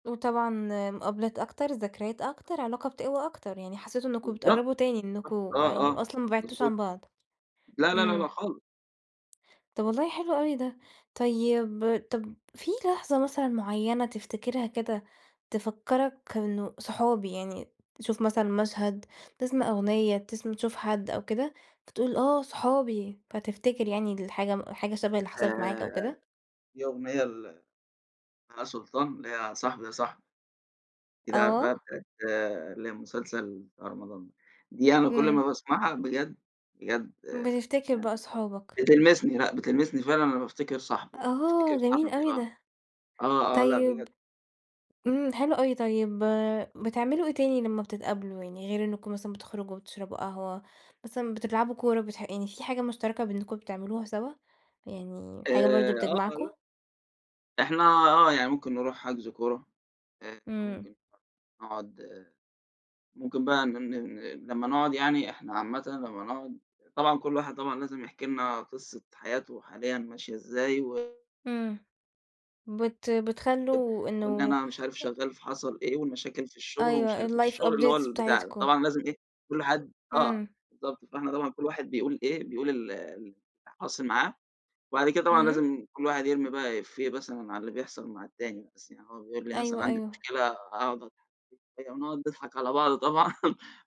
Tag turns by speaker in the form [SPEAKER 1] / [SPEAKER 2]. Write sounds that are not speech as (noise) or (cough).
[SPEAKER 1] وطبعًا مُقابلات أكتر، ذكريات أكتر، علاقة بتقوى أكتر، يعني حسّيتوا إنكم
[SPEAKER 2] بالضبط.
[SPEAKER 1] بتقرّبوا تاني، إنكم
[SPEAKER 2] آه،
[SPEAKER 1] يعني
[SPEAKER 2] آه،
[SPEAKER 1] أصلًا ما بِعدتوش
[SPEAKER 2] مضبوط.
[SPEAKER 1] عن بعض.
[SPEAKER 2] لا، لا، لا، لا،
[SPEAKER 1] إمم.
[SPEAKER 2] خالص.
[SPEAKER 1] طَب والله حلو أوي ده. طيب طَب فيه لحظة مثلًا معيّنة تفتكرها كده، تفكَّرك إنه صحابي، يعني تشوف مثلًا مشهد، تسمع أغنية، تسم تشوف حد أو كده، فتقول آه، صحابي، فتفتكر يعني الحاجة حاجة شبه اللي حصَلِت معاك أو
[SPEAKER 2] آآ
[SPEAKER 1] كده؟
[SPEAKER 2] يوميًا ل بهاء سلطان، اللي هي صاحبي يا صاحبي. (unintelligible)
[SPEAKER 1] آه.
[SPEAKER 2] اللي هي المسلسل بتاع رمضان ده. دي أنا كل ما
[SPEAKER 1] إمم.
[SPEAKER 2] باسمَعها بجد، بجد آآ،
[SPEAKER 1] بتفتكر
[SPEAKER 2] يعني
[SPEAKER 1] بقى صحابك.
[SPEAKER 2] بتلمِسني، لأ بتلمسني فعلًا، أنا بافتكر صاحبي، بافتكر
[SPEAKER 1] آه، جميل
[SPEAKER 2] صاحبي
[SPEAKER 1] أوي
[SPEAKER 2] آه
[SPEAKER 1] ده.
[SPEAKER 2] آه، آه، لأ
[SPEAKER 1] طيب.
[SPEAKER 2] بجد.
[SPEAKER 1] إمم، حلو أوي. طيب بتعملوا إيه تاني لما بتتقابلوا، يعني غير إنكم مثلًا بتخرُجوا وتشرَبوا قهوة، مثلًا بتلعبوا كورة، بتح يعني فيه حاجة مشترَكة بأنكم بتعملوها سوا، يعني
[SPEAKER 2] آآ،
[SPEAKER 1] حاجة برضه
[SPEAKER 2] آه، ل
[SPEAKER 1] بتجمَعكم؟
[SPEAKER 2] إحنا آه، يعني ممكن نرُوح حجْز كورة آآ،
[SPEAKER 1] إمم.
[SPEAKER 2] ممكن (unintelligible) نقعُد، ممكن بقى ن ن ن لمّا نقعُد يعني، إحنا عامةً لمّا نقعُد طبعًا كلّ واحد طبعًا لازم يحكي لنا قصة حياته حاليًا ماشية إزاي و
[SPEAKER 1] إمم. بت
[SPEAKER 2] أ
[SPEAKER 1] بتخلّوا
[SPEAKER 2] وإن
[SPEAKER 1] إنه
[SPEAKER 2] أنا مش عارف
[SPEAKER 1] آآ
[SPEAKER 2] شغّال فحصَل إيه، والمشاكل في الشغل ومش
[SPEAKER 1] أيوه،
[SPEAKER 2] عارف إيه،
[SPEAKER 1] الlife
[SPEAKER 2] الشغل اللي هو
[SPEAKER 1] updates
[SPEAKER 2] البتاع ده،
[SPEAKER 1] بتاعتكم.
[SPEAKER 2] طبعًا لازم إيه، كلّ حد آه
[SPEAKER 1] إمم.
[SPEAKER 2] بالضبط. فإحنا طبعًا كل واحد بيقول إيه، بيقول ال اللي حاصِل معاه، وبعد كده طبعًا
[SPEAKER 1] إمم.
[SPEAKER 2] لازم كلّ واحد يرمِي بقى إيفيه مثلًا على اللي بيحصَل مع التاني، مثلًا يعني هو بيقول لي مثلًا،
[SPEAKER 1] أيوه،
[SPEAKER 2] عَندي
[SPEAKER 1] أيوه.
[SPEAKER 2] مشكلة، أقعد أضحَك (unintelligible) ونقعُد نضحَك على بعض طبعًا (laughs)